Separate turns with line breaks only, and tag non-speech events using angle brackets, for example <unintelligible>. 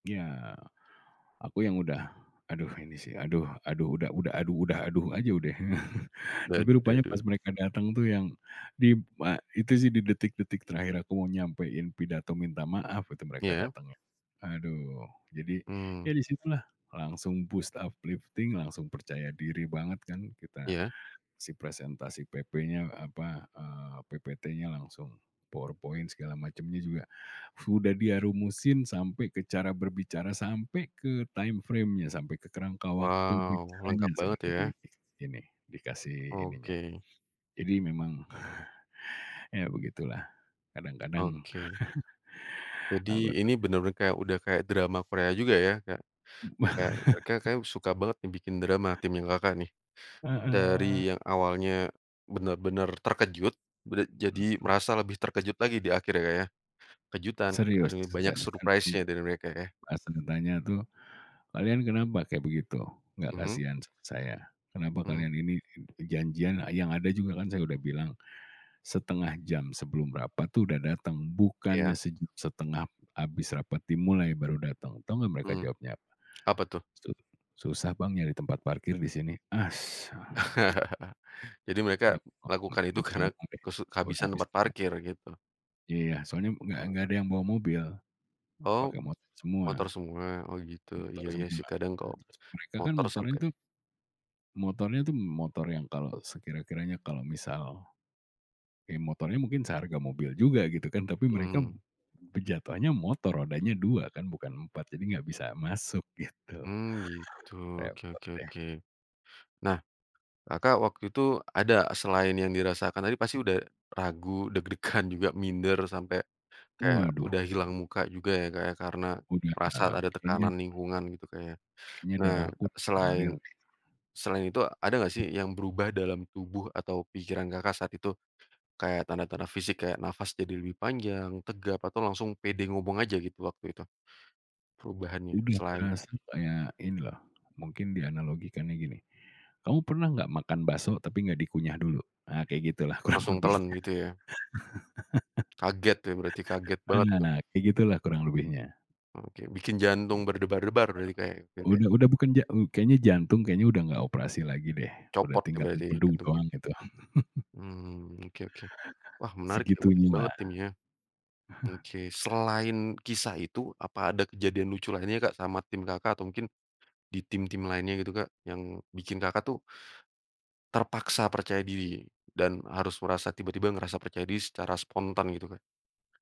Ya, aku yang udah, "Aduh, ini sih, aduh aduh udah, aduh udah, aduh," aja udah. <laughs>
Dah,
Tapi
duh dah,
rupanya pas
duh.
mereka datang tuh, yang di b itu sih, di detik-detik terakhir aku mau nyampein pidato minta maaf itu, mereka
Ya.
datengnya. Aduh, jadi ya
Mmm.
di situlah langsung boost, uplifting, langsung percaya diri banget kan kita.
Iya.
Si presentasi PP-nya, apa, eee, PPT-nya, langsung PowerPoint segala macemnya juga udah dia rumusin, sampai ke cara berbicara, sampai ke timeframe-nya, sampai ke kerangka waktu
Wow,
bicaranya.
lengkap
Sama
banget
dia
ya.
ini, dikasih ininya
Oke.
jadi memang <chuckles> ya begitulah, kadang-kadang,
Oke.
<chuckles>
Jadi
anggota
ini bener-bener kayak udah kayak drama Korea juga ya. Kayak kayak mereka kayaknya
<laughs>
suka banget nih bikin drama timnya Kakak, nih. Dari
Heeh.
yang awalnya benar-benar terkejut bera jadi
Mhm.
merasa lebih terkejut lagi di akhir ya, Kak, ya. Kejutan
Serius
akhirnya banyak
saya langsung.
surprise-nya dari mereka ya.
Pas ditanya tuh, "Kalian kenapa kayak begitu, enggak
Mhm.
kasihan sama saya? Kenapa
Mhm.
kalian ini i janjian yang ada juga kan saya udah bilang 0,5 jam sebelum rapat tuh udah dateng
Iya.
bukannya sej setengah habis rapat dimulai baru datang." Tahu enggak mereka
Mhm.
jawabnya apa?
Apa tuh?
"Su susah, Bang, nyari tempat parkir di sini." Asem. <lip trill>
<chuckles> Jadi mereka
Enggak ngomong deh,
lakukan itu
enggak bisa
karena
ngomong deh,
kesu
gua udah
kehabisan
enggak bisa
tempat
ngomong
parkir
deh.
gitu.
Iya, soalnya enggak enggak
Wah.
ada yang bawa mobil
Oh
pakai motor
motor
semua.
semua, oh gitu,
Motor
iya-iya sih,
semua.
kadang kalau
terus mereka kan
motor
motor
sampai
tuh motornya itu motor yang kalau sekira-kiranya kalau misal kayak motornya mungkin seharga mobil juga gitu kan tapi mereka
Mhm.
pejatuhannya motor rodanya 2 kan bukan 4 jadi enggak bisa masuk gitu.
Mmm, gitu, oke
Repot
oke
deh.
oke. Nah, Kakak waktu itu ada selain yang dirasakan tapi pasti udah ragu deg-degan juga minder, sampai kayak
Waduh.
udah hilang muka juga ya, Kak, ya, karena
Gua bilang,
merasa ada
kayaknya
tekanan lingkungan gitu, Kak, ya.
kayaknya
Nah,
darah aku ngalir.
selain selain itu ada enggak sih yang berubah dalam tubuh atau pikiran Kakak saat itu kayak tanda-tanda fisik kayak nafas jadi lebih panjang, tegap, atau langsung pede ngomong aja gitu waktu itu perubahannya
Udah
selain
berasa kayak ini loh, mungkin dianalogikannya gini, kamu pernah enggak makan bakso tapi enggak dikunyah dulu? Nah, kayak gitu lah kurang
Langsung telen
lebihnya.
gitu ya? Kaget ya berarti, kaget banget
<laughs>
tuh.
Nah, kayak gitu lah kurang lebihnya.
Oke, bikin jantung
Gitu,
berdebar-debar berarti, Kak, ya? <unintelligible>
udah udah bukan, ja m kayaknya jantung kayaknya udah enggak operasi lagi deh. Udah
Copot ya
tinggal
berarti, ini
empedu
jantungnya?
doang gitu. <laughs>
Mhm oke oke. Wah menarik ya, unik
Segitunya
banget
lah.
timnya.
<chuckles>
Oke, selain kisah itu, apa ada kejadian lucu lainnya, Kak, sama tim kakak atau mungkin di tim-tim lainnya gitu, Kak? Yang bikin Kakak tuh terpaksa percaya diri dan harus merasa tiba-tiba merasa percaya diri secara spontan gitu, Kak?